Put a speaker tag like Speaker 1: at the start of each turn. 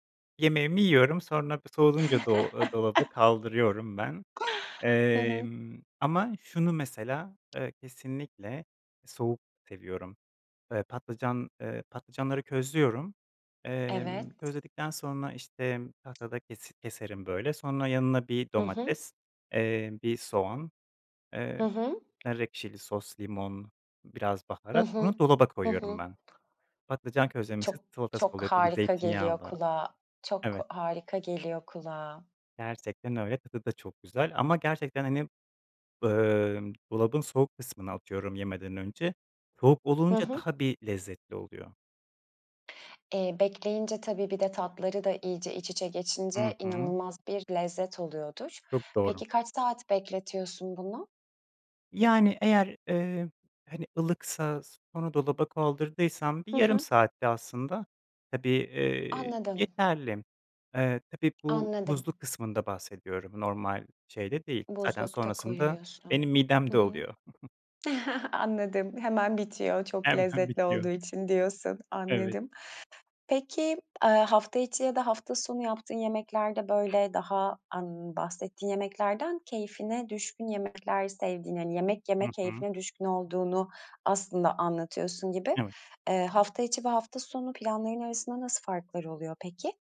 Speaker 1: Yemeğimi yiyorum, sonra b soğuyunca do aaa, dolaba kaldırıyorum ben.
Speaker 2: Hı hı.
Speaker 1: Emm, ama şunu mesela, eee, kesinlikle soğuk seviyorum: Eee, patlıcan, eee, patlıcanları közlüyorum.
Speaker 2: Evet.
Speaker 1: Emm, közledikten sonra, işte, tahtada kesi keserim böyle. Sonra yanına 1
Speaker 2: Hı hı.
Speaker 1: domates, eee, 1 soğan,
Speaker 2: Hı
Speaker 1: eee,
Speaker 2: hı.
Speaker 1: nar ekşili sos, limon, biraz
Speaker 2: Hı
Speaker 1: baharat. Bunu
Speaker 2: hı.
Speaker 1: dolaba
Speaker 2: Hı
Speaker 1: koyuyorum
Speaker 2: hı.
Speaker 1: ben. Patlıcan közlemesi,
Speaker 2: Çok
Speaker 1: salatası
Speaker 2: çok
Speaker 1: oluyor tabii
Speaker 2: harika geliyor
Speaker 1: zeytinyağlı.
Speaker 2: kulağa, çok
Speaker 1: Evet.
Speaker 2: harika geliyor kulağa.
Speaker 1: Gerçekten öyle. Tadı da çok güzel ama gerçekten, hani, ımm, dolabın soğuk kısmına atıyorum yemeden önce, soğuk
Speaker 2: Hı
Speaker 1: olunca
Speaker 2: hı.
Speaker 1: daha bir lezzetli oluyor.
Speaker 2: Eee, bekleyince, tabii, bir de tatları da iyice iç içe
Speaker 1: Hı
Speaker 2: geçince
Speaker 1: hı.
Speaker 2: inanılmaz bir lezzet oluyordur.
Speaker 1: Çok doğru.
Speaker 2: Peki, kaç saat bekletiyorsun bunu?
Speaker 1: Yani eğer, eee, hani, ılıksa sonra dolaba kaldırdıysam bir
Speaker 2: Hı
Speaker 1: yarım
Speaker 2: hı.
Speaker 1: saatte aslında, tabii, eee,
Speaker 2: Anladım.
Speaker 1: yeterli. Eee, tabii bu
Speaker 2: Anladım.
Speaker 1: buzlu kısmında bahsediyorum normal şeyde değil. Zaten
Speaker 2: Buzlukta
Speaker 1: sonrasında
Speaker 2: koyuyorsun.
Speaker 1: benim
Speaker 2: Hı
Speaker 1: midemde
Speaker 2: hı.
Speaker 1: oluyor.
Speaker 2: Anladım. "Hemen bitiyor çok
Speaker 1: Hemen
Speaker 2: lezzetli olduğu
Speaker 1: bitiyor.
Speaker 2: için." diyorsun.
Speaker 1: Evet.
Speaker 2: Anladım. Peki, eee, hafta içi ya da hafta sonu yaptığın yemeklerde, böyle, daha, aaa, ımm, bahsettiğin yemeklerden keyfine düşkün yemekler sevdiğini, hani, yemek
Speaker 1: Hı
Speaker 2: yeme
Speaker 1: hı.
Speaker 2: keyfine düşkün olduğunu aslında anlatıyorsun gibi.
Speaker 1: Evet.
Speaker 2: Eee, hafta içi ve hafta sonu planların arasında nasıl farklar oluyor peki?